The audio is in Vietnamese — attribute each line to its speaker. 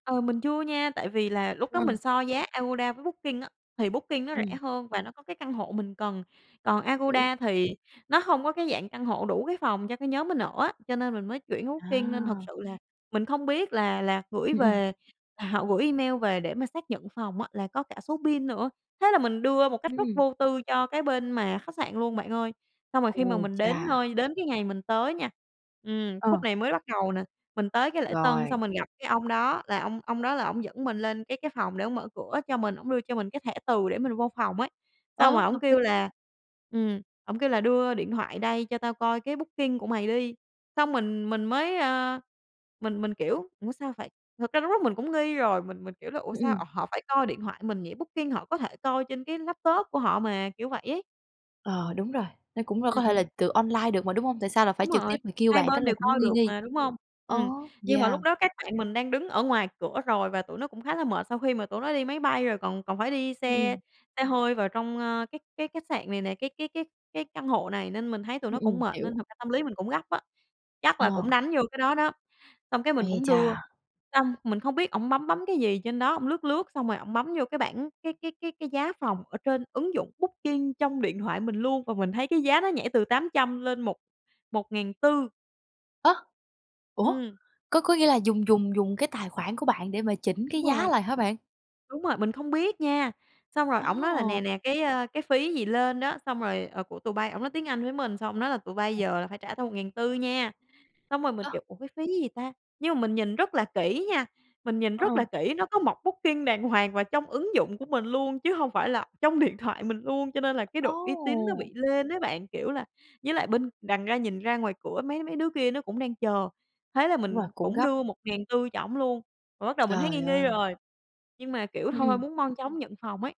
Speaker 1: Ờ, mình chưa nha tại vì là lúc đó mình
Speaker 2: Ừm.
Speaker 1: so giá Agoda với Booking á thì Booking nó rẻ
Speaker 2: Ừm.
Speaker 1: hơn và nó có cái căn hộ mình cần, còn
Speaker 2: Hiểu.
Speaker 1: Agoda thì nó hông có cái dạng căn hộ đủ cái phòng cho cái nhóm mình ở á. Cho nên mình mới chuyển qua Booking nên thật
Speaker 2: À.
Speaker 1: sự là mình không biết là là gửi
Speaker 2: Ừ, ừm.
Speaker 1: về à, họ gửi email về để mà xác nhận phòng á là có cả số PIN nữa, thế là mình đưa một cách
Speaker 2: Ừm,
Speaker 1: rất
Speaker 2: ừm.
Speaker 1: vô tư cho cái bên mà khách sạn luôn bạn ơi. Xong rồi khi mà
Speaker 2: Ô,
Speaker 1: mình đến
Speaker 2: cha.
Speaker 1: nơi đến cái ngày mình tới nha. Ừm, khúc
Speaker 2: Ờ.
Speaker 1: này mới bắt đầu nè, mình tới cái lễ tân
Speaker 2: Rồi.
Speaker 1: xong mình gặp cái ông đó là ông ông đó là ổng dẫn mình lên cái cái phòng để ổng mở cửa cho mình, ổng đưa cho mình cái thẻ từ để mình vô phòng ấy.
Speaker 2: Ơ,
Speaker 1: Xong rồi ổng
Speaker 2: hợp lý.
Speaker 1: kêu là ừm, ổng kêu là "Đưa điện thoại đây cho tao coi cái booking của mày đi", xong mình mình mới, ơ, mình mình, kiểu: "Ủa sao phải?" thực ra mình cũng nghi rồi mình mình, kiểu, là "Ủa
Speaker 2: Ư,
Speaker 1: sao,
Speaker 2: ừm.
Speaker 1: ồ, họ phải coi điện thoại mình nhỉ? booking họ có thể coi trên cái laptop của họ mà." Kiểu vậy ấy.
Speaker 2: Ờ, đúng rồi, nó cũng c
Speaker 1: Ừ,
Speaker 2: có thể
Speaker 1: ừm.
Speaker 2: là từ online được mà, đúng hông? Tại sao là phải
Speaker 1: Đúng
Speaker 2: trực
Speaker 1: rồi,
Speaker 2: tiếp mà kêu
Speaker 1: hai
Speaker 2: bạn tức
Speaker 1: bên
Speaker 2: là
Speaker 1: đều
Speaker 2: cũng
Speaker 1: coi
Speaker 2: nghi
Speaker 1: được
Speaker 2: nghi.
Speaker 1: mà, đúng hông? Ừm,
Speaker 2: Ô,
Speaker 1: nhưng mà
Speaker 2: yeah.
Speaker 1: lúc đó các bạn mình đang đứng ở ngoài cửa rồi và tụi nó cũng khá là mệt sau khi mà tụi nó đi máy bay rồi còn còn phải đi
Speaker 2: Ư,
Speaker 1: xe
Speaker 2: ừm.
Speaker 1: xe hơi vào trong, a, cái cái khách sạn này nè, cái cái cái cái căn hộ này nên mình thấy tụi
Speaker 2: Ừ,
Speaker 1: nó cũng
Speaker 2: ừm,
Speaker 1: mệt nên
Speaker 2: hiểu.
Speaker 1: thật ra tâm lý mình cũng gấp á, chắc là cũng
Speaker 2: Ờ.
Speaker 1: đánh vô cái đó đó, xong cái mình
Speaker 2: Ấy
Speaker 1: cũng đưa.
Speaker 2: chà!
Speaker 1: Xong mình không biết ổng bấm bấm cái gì trên đó, ổng lướt lướt xong rồi ổng bấm vô cái bảng, cái cái cái cái giá phòng ở trên ứng dụng Booking trong điện thoại mình luôn và mình thấy cái giá nó nhảy từ 800 lên một một ngàn tư.
Speaker 2: Á! ủa,
Speaker 1: Ừm.
Speaker 2: có có nghĩa là dùng dùng dùng cái tài khoản của bạn để mà chỉnh cái
Speaker 1: Đúng
Speaker 2: giá
Speaker 1: rồi.
Speaker 2: lại hả bạn?
Speaker 1: Đúng rồi, mình không biết nha, xong rồi ổng nói là
Speaker 2: Ồ!
Speaker 1: "Nè, nè, cái, a, cái phí gì lên á" xong rồi, "Ờ, của tụi bay" ổng nói tiếng Anh với mình xong ông nói là "Tụi bay giờ là phải trả tao 1.400 nha." Xong rồi mình,
Speaker 2: Ơ
Speaker 1: kiểu: "Ủa cái phí gì ta?" nhưng mà mình nhìn rất là kỹ nha, mình nhìn rất là
Speaker 2: Ờ.
Speaker 1: kỹ nó có mộc Booking đàng hoàng và trong ứng dụng của mình luôn chứ hông phải là trong điện thoại mình luôn cho nên là cái độ uy tín nó
Speaker 2: Ồ!
Speaker 1: bị lên ấy bạn. Kiểu là với lại bên đằng ra nhìn ra ngoài cửa mấy mấy đứa kia nó cũng đang chờ, thế là
Speaker 2: Đúng rồi,
Speaker 1: mình
Speaker 2: cũng
Speaker 1: cũng
Speaker 2: gấp.
Speaker 1: đưa 1.400 cho ổng luôn, rồi bắt đầu mình thấy
Speaker 2: Trời
Speaker 1: nghi nghi
Speaker 2: ơi.
Speaker 1: rồi. Nhưng mà, kiểu,
Speaker 2: Ư,
Speaker 1: thôi
Speaker 2: ừm.
Speaker 1: muốn mau chóng nhận phòng ấy.